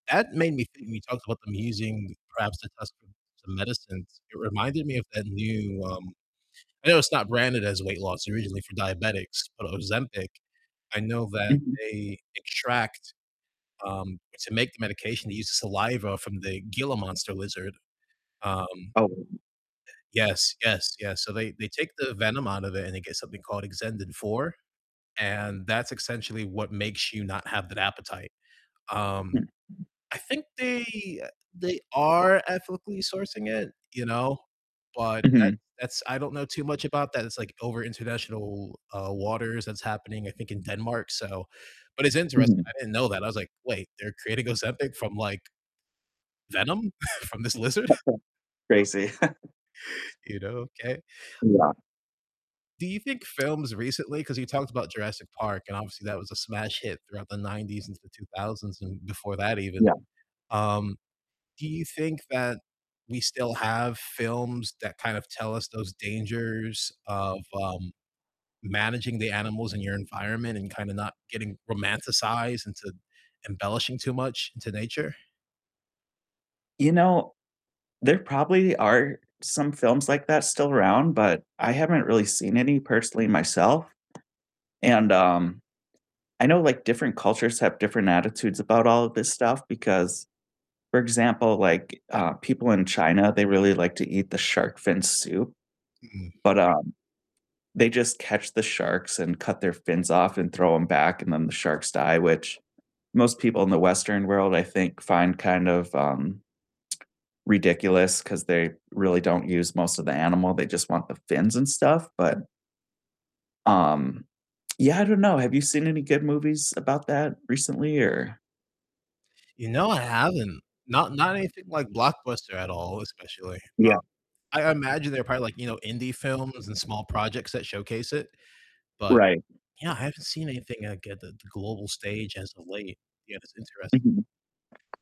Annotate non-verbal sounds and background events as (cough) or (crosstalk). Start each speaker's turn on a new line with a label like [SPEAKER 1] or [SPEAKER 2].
[SPEAKER 1] That made me think when you talked about them using perhaps to test for some medicines, it reminded me of that new, um I know it's not branded as weight loss, originally for diabetics, but Ozempic. I know that
[SPEAKER 2] Mhm.
[SPEAKER 1] they extract, um to make the medication, they use the saliva from the Gila monster lizard. Um
[SPEAKER 2] Oh.
[SPEAKER 1] Yes, yes, yes, so they they take the venom out of it and they get something called Exendin-4, and that's essentially what makes you not have that appetite. Um, I think they they are ethically sourcing it, you know, but that's
[SPEAKER 2] Mhm.
[SPEAKER 1] that's I don't know too much about that. It's like over international, uh, waters that's happening, I think in Denmark, so. But it's interesting.
[SPEAKER 2] Mhm.
[SPEAKER 1] I didn't know that. I was like, "Wait, they're creating Ozempic from, like, venom (chuckles) from this lizard?" (chuckles)
[SPEAKER 2] (unintelligible) Crazy. (chuckles)
[SPEAKER 1] You know? Okay. Um
[SPEAKER 2] Yeah.
[SPEAKER 1] do you think films recently 'cause you talked about Jurassic Park and obviously that was a smash hit throughout the '90s into the 2000s and before that even.
[SPEAKER 2] Yeah.
[SPEAKER 1] Um, do you think that we still have films that kind of tell us those dangers of, um, managing the animals in your environment and kind of not getting romanticized into embellishing too much into nature?
[SPEAKER 2] You know, there probably are some films like that still around, but I haven't really seen any personally myself, and, um, I know, like, different cultures have different attitudes about all of this stuff because, for example, like, uh, people in China, they really like to eat the shark fin soup,
[SPEAKER 1] Mm-mm.
[SPEAKER 2] but, um, they just catch the sharks and cut their fins off and throw 'em back, and then the sharks die, which most people in the Western world, I think, find kind of, um, ridiculous 'cause they really don't use most of the animal, they just want the fins and stuff, but um, yeah, I don't know, have you seen any good movies about that recently or
[SPEAKER 1] You know, I haven't. Not not anything like blockbuster at all, especially. Um,
[SPEAKER 2] Yeah.
[SPEAKER 1] I I imagine they're probably like, you know, indie films and small projects that showcase it, but
[SPEAKER 2] Right.
[SPEAKER 1] yeah, I haven't seen anything like at the g the global stage as of late. Yeah, that's interest
[SPEAKER 2] Mhm.